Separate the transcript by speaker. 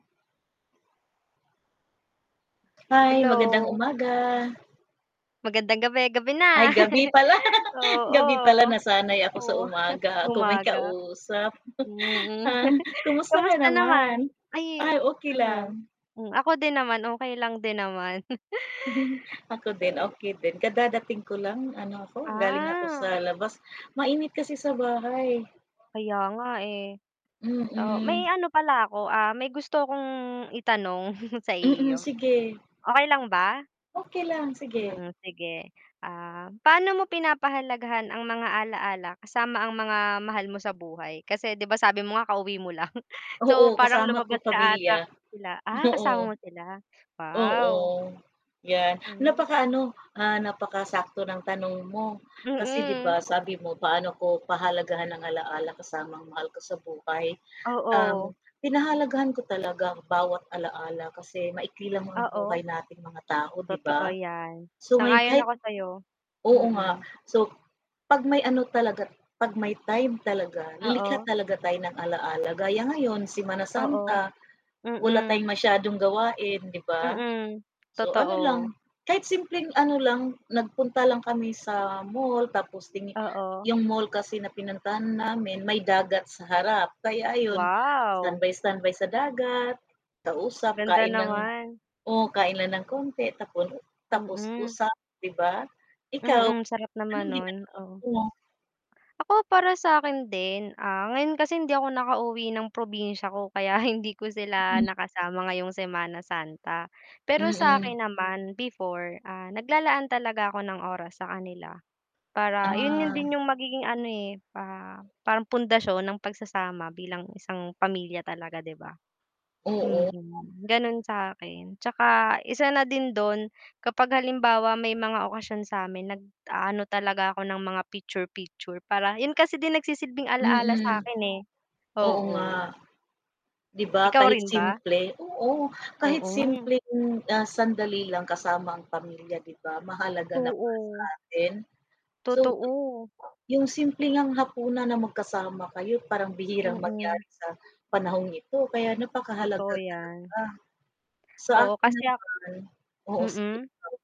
Speaker 1: Hi, magandang
Speaker 2: Hello!
Speaker 1: umaga.
Speaker 2: Magandang gabi, gabi
Speaker 1: Ay,
Speaker 2: na ah.
Speaker 1: gabi pala,
Speaker 2: Oo.
Speaker 1: gabi pala, nasanay ako sa
Speaker 2: Oh,
Speaker 1: umaga kung may
Speaker 2: umaga.
Speaker 1: kausap.
Speaker 2: Mm,
Speaker 1: Ah, kumusta ka
Speaker 2: kamusta naman?
Speaker 1: naman?
Speaker 2: Ay,
Speaker 1: Ay okey
Speaker 2: ano,
Speaker 1: lang.
Speaker 2: hmm. Ako din naman okey lang din naman.
Speaker 1: Ako
Speaker 2: So,
Speaker 1: din,
Speaker 2: yun
Speaker 1: okey din, kadadating ko lang. Ano ko, galing ako sa
Speaker 2: Ah.
Speaker 1: labas, mainit kasi sa bahay.
Speaker 2: Kaya nga, eh. So, may
Speaker 1: Mm.
Speaker 2: ano pala ako, ah, may gusto kong, itanong sa
Speaker 1: Mm,
Speaker 2: iyo.
Speaker 1: sige
Speaker 2: Okey lang ba?
Speaker 1: Okey lang, sige.
Speaker 2: Mm, sige. Ah, pa'no mo pinapahalagahan ang mga ala-ala, kasama ang mga mahal mo sa buhay? Kasi 'di ba sabi mo nga kauwi mo lang. So,
Speaker 1: Oo,
Speaker 2: parang
Speaker 1: kasama ko
Speaker 2: lumabas ka ata,
Speaker 1: pamilya.
Speaker 2: sila ah, kasama
Speaker 1: Oo,
Speaker 2: mo sila?
Speaker 1: oo,
Speaker 2: wow.
Speaker 1: 'yan.
Speaker 2: Hmm.
Speaker 1: Napakaano, ah, napakasakto ng tanong mo, kasi 'di
Speaker 2: Mm.
Speaker 1: ba. Sabi mo paano ko pahalagahan ang alaala kasama ang mahal ko sa buhay.
Speaker 2: Oo.
Speaker 1: Um, pinahalagahan ko talaga bawat alaala kasi maikli lang ang buhay
Speaker 2: Oo.
Speaker 1: nating mga tao 'di
Speaker 2: Totoo
Speaker 1: ba?
Speaker 2: 'yan.
Speaker 1: So ngayon
Speaker 2: Sang-ayon
Speaker 1: kahit
Speaker 2: ako sayo.
Speaker 1: oo nga,
Speaker 2: Mm.
Speaker 1: so 'pag may ano talaga, 'pag may time talaga lilikha
Speaker 2: Oo.
Speaker 1: talaga tayo ng ala-ala, gaya ngayon, Semana
Speaker 2: Oo,
Speaker 1: Santa wala
Speaker 2: mm.
Speaker 1: tayong masyadong gawain 'di ba?
Speaker 2: Mm,
Speaker 1: So, ano
Speaker 2: totoo.
Speaker 1: lang, kahit simpleng ano lang, nagpunta lang kami sa mall tapos tini
Speaker 2: Oo.
Speaker 1: 'yung mall kasi na pinuntahan namin may dagat sa harap, kaya ayon
Speaker 2: Wow!
Speaker 1: standby, standby sa dagat, kausap,
Speaker 2: Ganda
Speaker 1: kain lang
Speaker 2: naman.
Speaker 1: oo, kain lang ng konti, tapon tapos
Speaker 2: Mm.
Speaker 1: usap 'di ba? Ikaw,
Speaker 2: Mm, sarap naman
Speaker 1: anong
Speaker 2: nun,
Speaker 1: ginagawa
Speaker 2: oh.
Speaker 1: mo?
Speaker 2: Ako, para sa'kin din? Ah, ngayon kasi hindi ako nakauwi ng probinsya ko kaya hindi ko sila
Speaker 1: Mm.
Speaker 2: nakasama ngayong Semana Santa. Pero
Speaker 1: Mm.
Speaker 2: sa'kin naman before, ah, naglalaan talaga ako ng oras sa kanila. Para 'yun 'yun
Speaker 1: Ah.
Speaker 2: din 'yung magiging ano, eh, pa parang pundasyon ng pagsasama bilang isang pamilya talaga, 'di ba?
Speaker 1: Oo.
Speaker 2: Mm, ganun sa'kin. 'Tsaka isa na din dun kapag halimbawa may mga okasyon sa'min nag-aano talaga ako ng mga picture, picture para 'yun kasi din nagsisilbing alala
Speaker 1: Mm,
Speaker 2: sa'kin, eh,
Speaker 1: oo nga.
Speaker 2: oo.
Speaker 1: 'Di
Speaker 2: Eh
Speaker 1: ba,
Speaker 2: Ikaw
Speaker 1: kahit
Speaker 2: rin ba?
Speaker 1: simple, oo, kahit
Speaker 2: Oo nga eh.
Speaker 1: simpleng, ah, sandali lang kasama ang pamilya, 'di ba? Mahalaga na para
Speaker 2: Oo.
Speaker 1: sa atin. So,
Speaker 2: Totoo.
Speaker 1: yung simpleng ngang hapunan na magkasama kayo parang bihirang
Speaker 2: Mm.
Speaker 1: mangyari sa, panahong ito, kaya napakahalaga
Speaker 2: Totoo
Speaker 1: talaga.
Speaker 2: 'yan.
Speaker 1: Sa
Speaker 2: Oo,
Speaker 1: akin
Speaker 2: kasi ak
Speaker 1: naman, oo sige
Speaker 2: Mm.
Speaker 1: lang.